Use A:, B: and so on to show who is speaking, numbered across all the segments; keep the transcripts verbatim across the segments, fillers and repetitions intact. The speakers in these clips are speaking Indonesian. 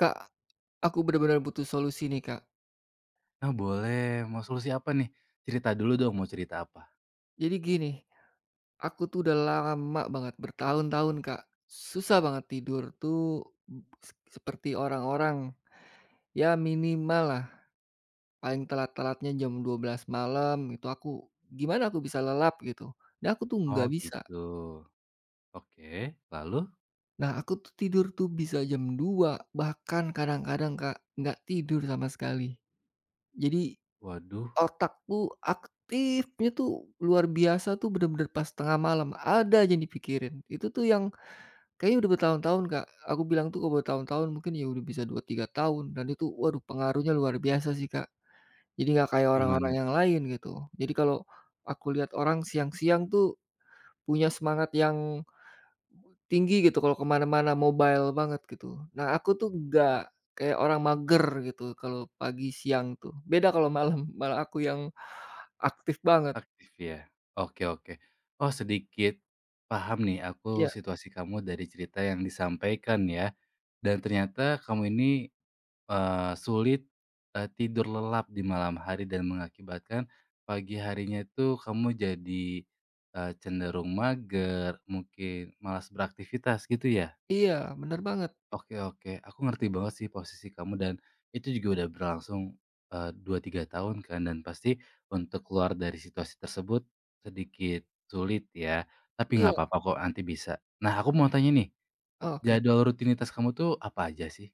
A: Kak, aku benar-benar butuh solusi nih, Kak.
B: Oh, boleh. Mau solusi apa nih? Cerita dulu dong, mau cerita apa?
A: Jadi gini, aku tuh udah lama banget bertahun-tahun, Kak, susah banget tidur tuh b s seperti orang-orang, ya minimal lah paling telat-telatnya jam dua belas malam, itu aku gimana aku bisa lelap gitu dan aku tuh
B: Oh,
A: gak bisa.
B: gitu. Oke, lalu?
A: Nah, aku tidur tuh bisa jam dua bahkan kadang-kadang, Kak, gak tidur sama sekali. Jadi
B: Waduh.
A: otakku aktifnya tuh luar biasa tuh benar-benar pas tengah malam, ada aja yang dipikirin, itu tuh yang kayaknya udah bertahun-tahun, Kak, aku bilang tuh kalau bertahun-tahun mungkin ya udah bisa dua, tiga tahun dan itu waduh pengaruhnya luar biasa sih, Kak. Jadi gak kayak orang-orang
B: Gimana
A: yang
B: tuh?
A: lain, gitu. Jadi kalau aku lihat orang siang-siang tuh punya semangat yang tinggi gitu kalau kemana-mana mobile banget gitu. Nah, aku tuh gak kayak orang mager gitu kalau pagi siang tuh, beda kalau malam, malah aku yang aktif banget.
B: Aktif, ya. Oke oke. Oh, sedikit paham nih aku
A: Iya.
B: situasi kamu dari cerita yang disampaikan ya, dan ternyata kamu ini, eee, sulit, eee, tidur lelap di malam hari dan mengakibatkan pagi harinya itu kamu jadi, eee, cenderung mager, mungkin malas beraktivitas, gitu ya?
A: Iya, benar banget.
B: Oke oke, aku ngerti banget sih posisi kamu dan itu juga udah berlangsung, eee, dua, tiga tahun kan dan pasti untuk keluar dari situasi tersebut sedikit sulit ya, tapi
A: Iya.
B: enggak apa-apa kok, nanti bisa. Nah, aku mau tanya nih
A: Oke.
B: jadwal rutinitas kamu tuh apa aja sih?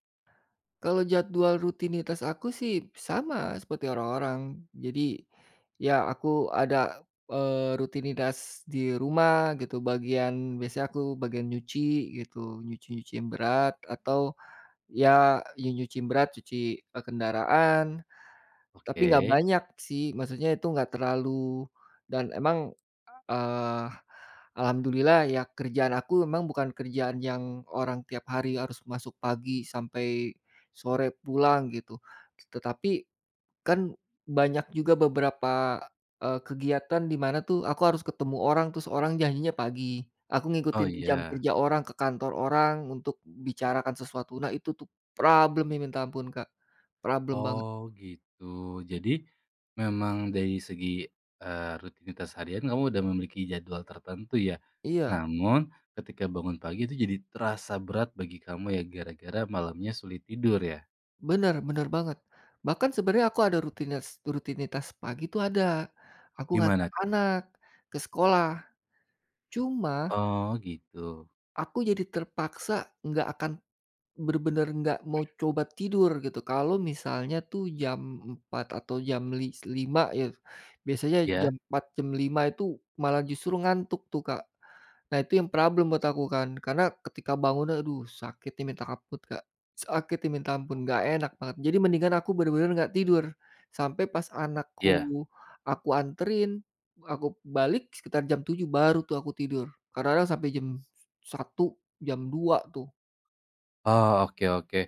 A: Kalau jadwal rutinitas aku sih sama seperti orang-orang. Jadi, ya aku ada, eee, rutinitas di rumah gitu bagian biasanya aku bagian nyuci gitu, nyuci-nyuci yang berat atau, ya nyuci-nyuci yang berat cuci kendaraan, tapi gak
B: Oke.
A: banyak sih maksudnya itu gak terlalu dan emang, eee, alhamdulillah ya kerjaan aku memang bukan kerjaan yang orang tiap hari harus masuk pagi sampai sore pulang gitu. Tetapi, kan banyak juga beberapa, eee, kegiatan di mana tuh aku harus ketemu orang terus orang janjinya pagi, aku
B: Oh
A: ngikutin jam
B: iya.
A: kerja orang ke kantor orang untuk bicarakan sesuatu. Nah itu tuh problem-nya minta ampun Kak. Problem banget.
B: Oh, gitu. Jadi, memang dari segi, eee, rutinitas harian kamu udah memiliki jadwal tertentu ya.
A: Iya.
B: Namun ketika bangun pagi itu jadi terasa berat bagi kamu ya gara-gara malamnya sulit tidur ya?
A: Benar benar banget. Bahkan sebenarnya aku ada rutinas rutinitas pagi itu ada, aku ngantar
B: Gimana tuh?
A: anak ke sekolah. Cuma
B: Oh, gitu.
A: aku jadi terpaksa gak akan benar-benar gak mau coba tidur gitu kalau misalnya tuh jam empat atau jam lis lima ya, biasanya
B: Iya.
A: jam empat, jam lima itu malah justru ngantuk tuh Kak. Nah itu yang problem buat aku kan. Karena, ketika bangun, aduh, sakitnya minta ampun, Kak. Sakitnya minta ampun, gak
B: Heeh.
A: enak banget. Jadi mendingan aku benar-benar gak tidur. Sampai pas
B: Iya.
A: anakku aku anterin, aku balik sekitar jam tujuh baru tuh aku tidur. Kadang-kadang sampai jam satu, jam dua tuh.
B: Oh, oke oke.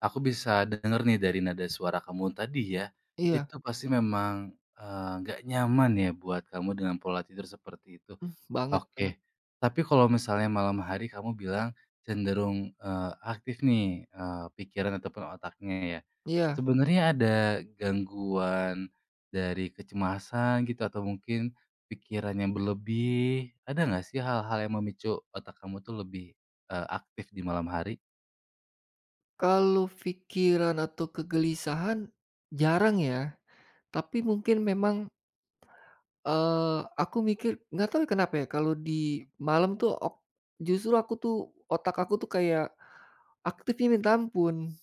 B: Aku bisa denger nih dari nada suara kamu tadi ya,
A: Iya.
B: itu pasti memang, eee, enggak nyaman ya buat kamu dengan pola tidur seperti itu.
A: M banget banget.
B: Oke, tapi kalau misalnya malam hari kamu bilang cenderung, eee, aktif nih, eee, pikiran ataupun otaknya ya.
A: Iya.
B: Sebenarnya ada gangguan dari kecemasan gitu, atau mungkin pikiran yang berlebih, ada enggak sih hal-hal yang memicu otak kamu tuh lebih, eee, aktif di malam hari?
A: Kalau fikiran atau kegelisahan, jarang ya. Tapi mungkin memang eee aku mikir nggak tahu ya kenapa ya, kalau di malam tuh ok justru aku tuh, otak aku tuh kayak, aktifnya minta ampun.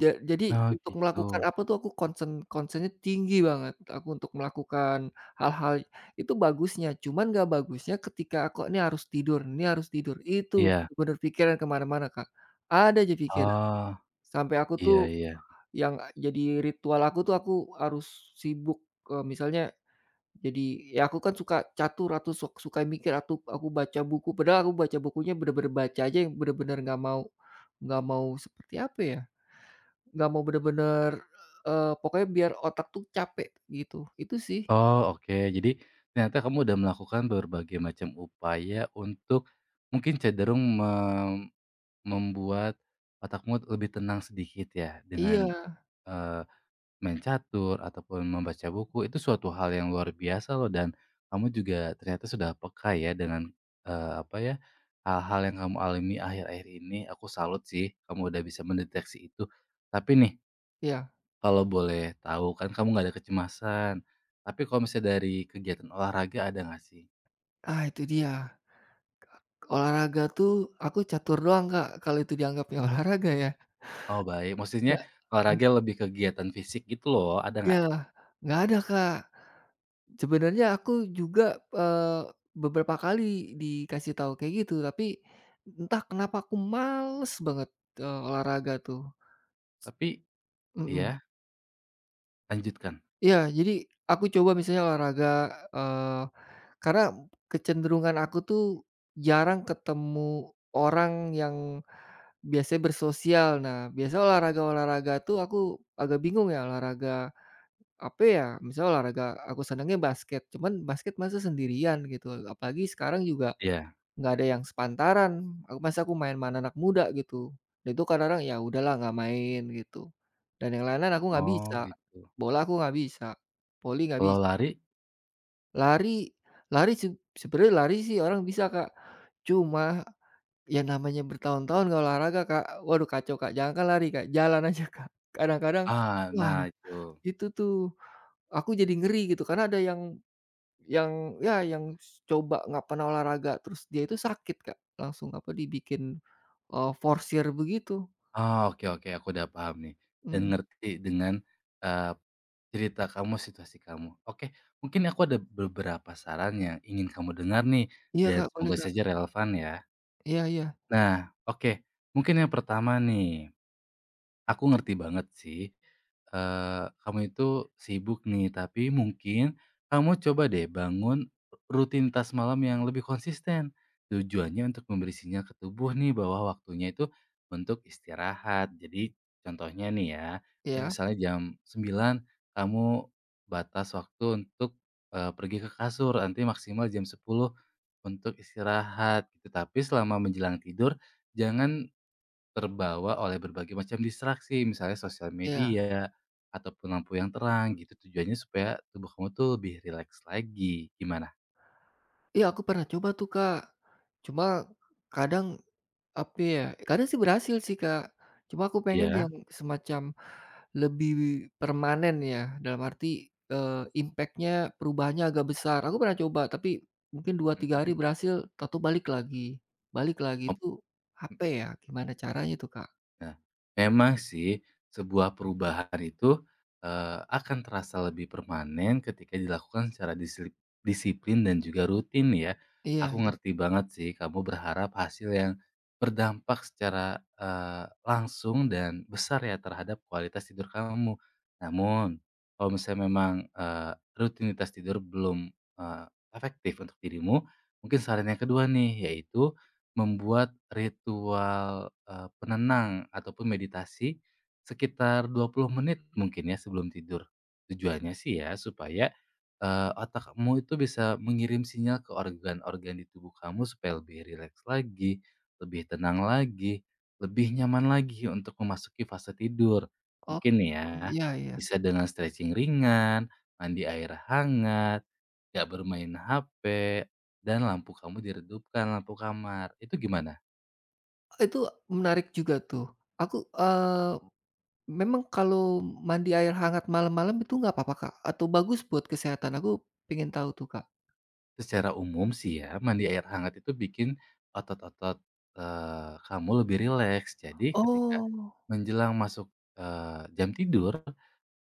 A: Ja jadi
B: Oh
A: untuk melakukan
B: gitu.
A: apa tuh, aku concern concern-nya tinggi banget. Aku untuk melakukan, hal-hal itu bagusnya, cuman nggak bagusnya ketika aku ini harus tidur ini harus tidur, itu
B: Iya.
A: bener pikiran kemana-mana Kak. Ada aja pikir.
B: Oh.
A: Sampai aku tuh,
B: Iya iya.
A: yang jadi ritual aku tuh, aku harus sibuk, eee, misalnya jadi aku kan suka catur, atau suk suka mikir, atau aku baca buku. Padahal aku baca bukunya benar-benar baca aja, yang benar-benar nggak mau nggak mau seperti apa ya, nggak mau benar-benar eee, pokoknya biar otak tuh capek, gitu. Itu sih.
B: Oh oke, jadi ternyata kamu udah melakukan berbagai macam upaya untuk mungkin cenderung me membuat otakmu, eee, lebih tenang sedikit ya, dengan,
A: Iya.
B: eee main catur, ataupun membaca buku. Itu suatu hal yang luar biasa loh, dan kamu juga ternyata sudah peka ya dengan eee, apa ya, hal-hal yang kamu alami akhir-akhir ini. Aku salut sih, kamu udah bisa mendeteksi itu. Tapi nih
A: Iya.
B: kalau boleh tahu, kan kamu nggak ada kecemasan, tapi kalau misalnya dari kegiatan olahraga, ada nggak sih?
A: Ah, itu dia ka olahraga tuh, aku catur doang, Kak. Kalau itu dianggapnya olahraga ya.
B: Oh, baik. Maksudnya olahraga
A: [unintelligible]
B: lebih kegiatan fisik gitu loh, ada
A: Iya,
B: nggak?
A: nggak ada, Kak. Sebenarnya aku juga, eee, beberapa kali dikasih tahu kayak gitu, tapi entah kenapa aku males banget, eee, olahraga tuh.
B: Tapi
A: Mhm.
B: iya? Lanjutkan.
A: Iya, jadi, aku coba misalnya olahraga, eee, karena kecenderungan aku tuh, jarang ketemu orang yang biasanya bersosial. Nah, biasa olahraga-olahraga tuh, aku agak bingung ya, olahraga, apa ya, misalnya olahraga aku senangnya basket, cuman basket masa sendirian gitu, apalagi sekarang juga,
B: Iya.
A: enggak ada yang sepantaran. Ak masa aku main sama anak-anak muda, gitu. Itu kadang-kadang, ya udahlah enggak main, gitu. Dan yang lain-lain aku enggak
B: Oh,
A: bisa.
B: gitu.
A: Bola aku enggak bisa. Voli enggak
B: Kalau
A: bisa.
B: lari?
A: Lari lari seb sebenernya lari sih orang bisa, Kak. Cuma, ya namanya bertahun-tahun enggak olahraga, Kak, waduh kacau, Kak. Jangankan lari, Kak, jalan aja, Kak, kadang-kadang
B: Ah,
A: wah,
B: nah, itu.
A: itu tuh, aku jadi ngeri gitu karena ada yang yang ya yang s coba enggak pernah olahraga, terus dia itu sakit, Kak, langsung apa, dibikin, oh, forsir begitu.
B: Oh, oke oke, aku udah paham nih, dan
A: Mmm.
B: ngerti dengan, eee, cerita kamu situasi kamu. Oke, mungkin aku ada berberapa saran yang ingin kamu dengar nih,
A: Iya,
B: dan
A: Kak, boleh,
B: semoga
A: Kak.
B: saja relevan, ya.
A: Iya iya.
B: Nah, oke mungkin yang pertama nih. Aku ngerti banget sih, eee, kamu itu sibuk nih, tapi mungkin, kamu coba deh bangun ru rutinitas malam yang lebih konsisten. Tujuannya untuk memberi sinyal ke tubuh nih, bahwa waktunya itu untuk istirahat. Jadi, contohnya nih ya,
A: Iya.
B: misalnya jam sembilan kamu batas waktu untuk, eee, pergi ke kasur nanti maksimal jam sepuluh untuk istirahat. Tetapi selama menjelang tidur, jangan terbawa oleh berbagai macam distraksi, misalnya sosial
A: Iya.
B: media ataupun lampu yang terang gitu, tujuannya supaya tubuh kamu tuh lebih rileks lagi, gimana?
A: Iya, aku pernah coba tuh, Kak. Cuma, kadang, apa ya, kadang sih berhasil sih, Kak. Cuma aku pengen
B: Iya?
A: yang semacam lebih permanen ya, dalam arti, eee, impact-nya perubahannya agak besar. Aku pernah coba tapi mungkin, dua tiga hari
B: Mhm.
A: berhasil tau-tau balik lagi, balik lagi,
B: Op
A: itu,
B: mmm.
A: apa ya, gimana caranya tuh, Kak?
B: Nah, memang sih sebuah perubahan itu, eee, akan terasa lebih permanen ketika dilakukan secara disli disiplin dan juga rutin ya.
A: Iya
B: Aku
A: iya.
B: ngerti banget sih kamu berharap hasil yang berdampak secara, eee, langsung dan besar ya terhadap kualitas tidur kamu. Namun, kalau misalnya memang, eee, rutinitas tidur belum, eee, efektif untuk dirimu, mungkin saran yang kedua nih, yaitu membuat ritual, eee, penenang ataupun meditasi sekitar dua puluh menit mungkin ya sebelum tidur. Tujuannya sih ya supaya, eee, otak kamu itu bisa mengirim sinyal ke organ-organ di tubuh kamu supaya lebih rileks lagi, lebih tenang lagi, lebih nyaman lagi untuk memasuki fase tidur.
A: Oh,
B: Mungkin ya,
A: iya iya.
B: bisa dengan stretching ringan, mandi air hangat, gak bermain HP dan lampu kamu diredupkan lampu kamar. Itu gimana?
A: E itu, menarik juga tuh. Aku, eee, memang kalau mandi air hangat malam-malam itu nggak apa-apa, Kak, atau bagus buat kesehatan? Aku pengen tahu tuh, Kak.
B: Secara umum sih ya, mandi air hangat itu bikin otot-otot, eee, kamu lebih rileks. Jadi ketika
A: Oh.
B: menjelang masuk, eee, jam tidur,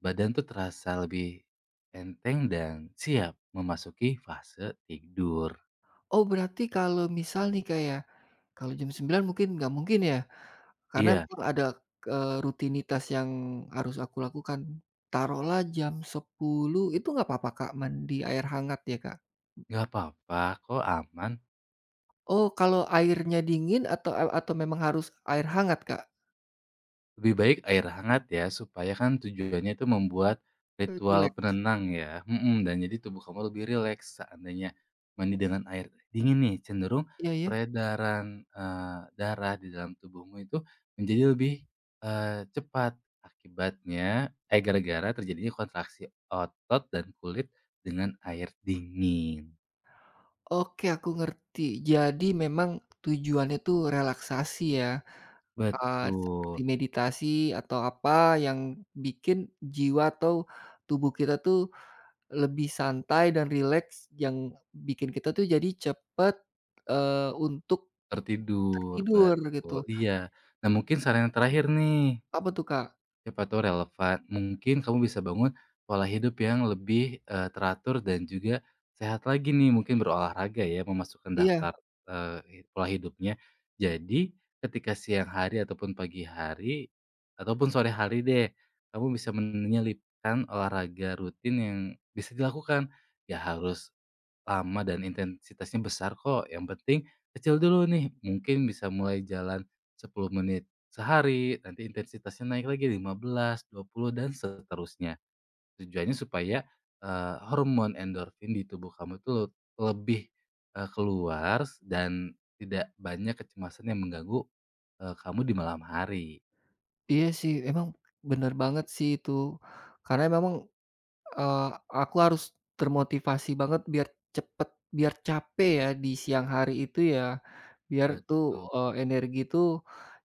B: badan tuh terasa lebih enteng dan siap memasuki fase tidur.
A: Oh, berarti kalau misal nih Kak ya, kalau jam sembilan mungkin enggak mungkin ya, karena
B: Iya.
A: memang ada, k eee, rutinitas yang harus aku lakukan. Taruhlah jam sepuluh itu enggak apa-apa, Kak, mandi air hangat ya, Kak?
B: Gak apa-apa kok, aman.
A: Oh, kalau airnya dingin atau, al atau memang harus air hangat, Kak?
B: Lebih baik air hangat ya, supaya kan tujuannya itu membuat
A: E rileks.
B: ritual penenang ya mhm, dan jadi tubuh kamu lebih rileks. Seandainya mandi dengan air dingin nih cenderung
A: Iya iya.
B: peredaran, eee, darah di dalam tubuhmu itu menjadi lebih, eee, cepat. Akibatnya eh, gara-gara terjadinya kontraksi otot dan kulit dengan air dingin.
A: Oke aku ngerti. Jadi memang tujuannya itu relaksasi ya. Eee, seperti
B: Betul.
A: meditasi atau apa yang bikin jiwa atau tubuh kita tuh lebih santai dan rileks yang bikin kita tuh jadi cepat, eee, untuk
B: Tertidur,
A: tertidur gitu.
B: betul, iya. Nah mungkin saran yang terakhir nih
A: Apa tuh Kak?
B: Siapa tahu relevan, mungkin kamu bisa bangun pola hidup yang lebih, eee, teratur dan juga sehat lagi nih, mungkin berolahraga ya memasukkan
A: Iya.
B: daftar, eee, i pola hidupnya. Jadi ketika siang hari ataupun pagi hari ataupun sore hari deh kamu bisa menyelipkan olahraga rutin yang bisa dilakukan. Nggak harus lama dan intensitasnya besar kok, yang penting kecil dulu nih mungkin bisa mulai jalan sepuluh menit sehari, nanti intensitasnya naik lagi lima belas, dua puluh dan seterusnya. Tujuannya supaya, eee, hormon endorfin di tubuh kamu itu lut lebih, eee, keluar s dan tidak banyak kecemasan yang mengganggu, eee, kamu di malam hari.
A: Iya sih emang bener banget sih itu, karena memang, eee, aku harus termotivasi banget biar cepet biar capek ya di siang hari itu ya biar tuh, eee,
B: Betul.
A: energi itu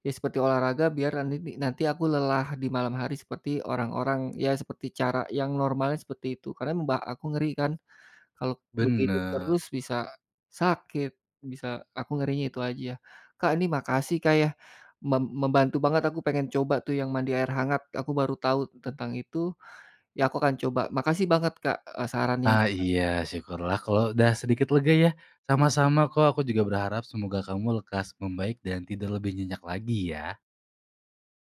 A: ya seperti olahraga biar nanini nanti aku lelah di malam hari seperti orang-orang, ya seperti cara yang normalnya seperti itu. Karena mba aku ngeri kan kalau begini terus
B: Bener.
A: bisa sakit, bisa aku ngerinya itu aja. Kak ini makasih Kak ya, mem membantu banget aku pengen coba tuh yang mandi air hangat, aku baru tahu tentang itu. Ya aku akan coba. Makasih banget Kak, eee, sarannya.
B: Ah
A: [unintelligible]
B: iya syukurlah kalau udah sedikit lega ya.
A: Iya.
B: Sama-sama kok, aku juga berharap semoga kamu lekas membaik dan tidur lebih nyenyak lagi ya.